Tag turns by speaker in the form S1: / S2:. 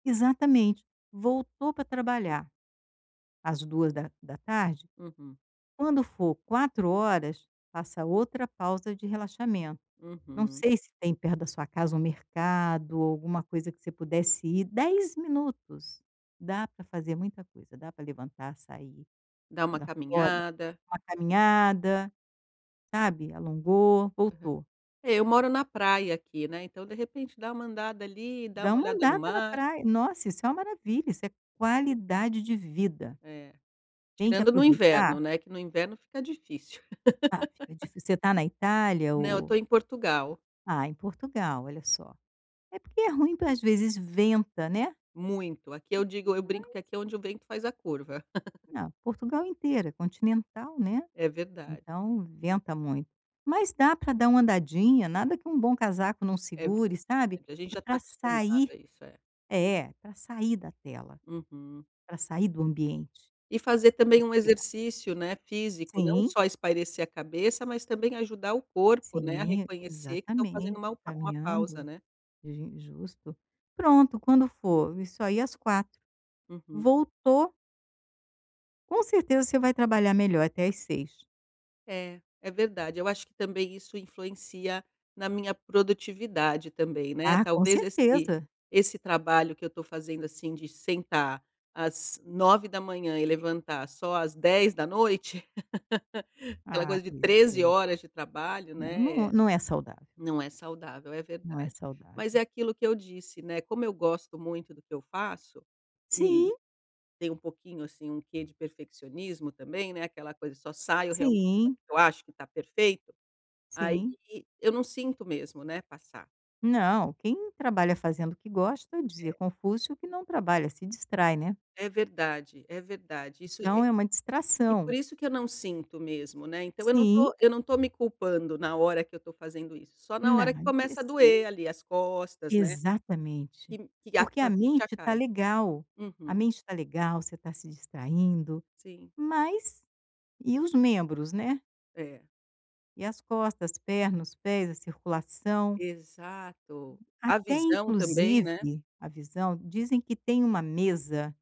S1: Exatamente. Voltou pra trabalhar, às duas da da tarde,
S2: Uhum.
S1: quando for 16h00, faça outra pausa de relaxamento. Não
S2: Uhum.
S1: sei se tem perto da sua casa um mercado ou alguma coisa que você pudesse ir, 10 minutos, dá pra fazer muita coisa, dá pra levantar, sair,
S2: Dar
S1: ir
S2: uma
S1: lá fora,
S2: caminhada.
S1: uma caminhada, sabe, alongou,
S2: Uhum.
S1: voltou.
S2: É, eu moro na praia aqui, né. Então, de repente, dar uma andada ali, dar
S1: Dar
S2: uma
S1: uma
S2: olhada no
S1: andada na
S2: mato.
S1: pra Nossa, isso é uma maravilha, isso é qualidade de vida.
S2: É.
S1: Tem que
S2: Tirando no
S1: aproveitar
S2: inverno, né. Que no inverno, fica difícil.
S1: Ah, fica difícil. Você tá na Itália
S2: Não. Eu tô
S1: ou
S2: em Portugal.
S1: Ah, em Portugal, olha só. É porque é ruim porque, às vezes, venta, né.
S2: Muito. Aqui, eu digo eu brinco
S1: Mas
S2: que, aqui, é onde o vento faz a curva.
S1: Ah, Portugal inteira é continental, né,
S2: É, verdade.
S1: então, venta muito. Mas, dá pra dar uma andadinha. Nada, que um bom casaco não
S2: É, ver
S1: segure, sabe.
S2: A gente,
S1: É
S2: já, tá
S1: pra
S2: acostumado
S1: sair
S2: a isso, é.
S1: É. Pra sair da tela,
S2: Uhum.
S1: pra sair do ambiente.
S2: E fazer, também, um
S1: Respirar.
S2: exercício, né, físico, não
S1: Sim.
S2: só espairecer a cabeça, mas, também, ajudar o corpo, né, a
S1: Sim.
S2: reconhecer que tá fazendo uma
S1: Exatamente.
S2: uma pausa,
S1: Caminhando.
S2: né.
S1: Ji justo. Pronto, quando for isso aí às 16h00,
S2: Uhum.
S1: voltou Com certeza, você vai trabalhar melhor até às 18h00.
S2: É. É verdade. Eu acho que, também, isso influencia na minha produtividade, também, né.
S1: Ah, com
S2: Talvez, esse
S1: certeza.
S2: esse trabalho que eu tô fazendo, assim, de sentar às 9h00, e levantar só às 22h00, aquela
S1: Ah,
S2: coisa de
S1: pois
S2: 13
S1: é.
S2: horas de trabalho, né,
S1: Não, n
S2: é
S1: não é saudável.
S2: Não é saudável. É,
S1: Não é
S2: verdade. Mas, é
S1: saudável.
S2: aquilo que eu disse, né, como eu gosto muito do que eu faço, e e,
S1: Sim.
S2: tem um pouquinho, assim, um quê de perfeccionismo, também, né, aquela coisa, só saio, realmente, [unintelligible]
S1: Sim.
S2: eu acho que tá perfeito, aí,
S1: Sim.
S2: eu não sinto mesmo, né, passar.
S1: Não. Quem trabalha fazendo o que gosta, dizia
S2: É.
S1: Confúcio, que não trabalha, se distrai, né.
S2: É, verdade. É, verdade isso
S1: Então,
S2: e
S1: é uma
S2: E, por
S1: distração.
S2: isso que eu não sinto, mesmo, né. Então, eu não
S1: Sim.
S2: tô, eu não tô me culpando, na hora que eu tô fazendo isso. Só na hora que
S1: Nad e
S2: começa a
S1: se
S2: doer ali as costas, né, que
S1: Exatamente.
S2: me, que a
S1: Porque a
S2: ficha
S1: mente tá
S2: cai.
S1: legal. A
S2: Uhum.
S1: mente tá legal, você tá se distraindo,
S2: Sim.
S1: mas e os membros, né?
S2: É.
S1: E as costas, as pernas, os pés, a circulação?
S2: Exato. A
S1: Até,
S2: visão também, né.
S1: inclusive a visão, dizem que tem uma mesa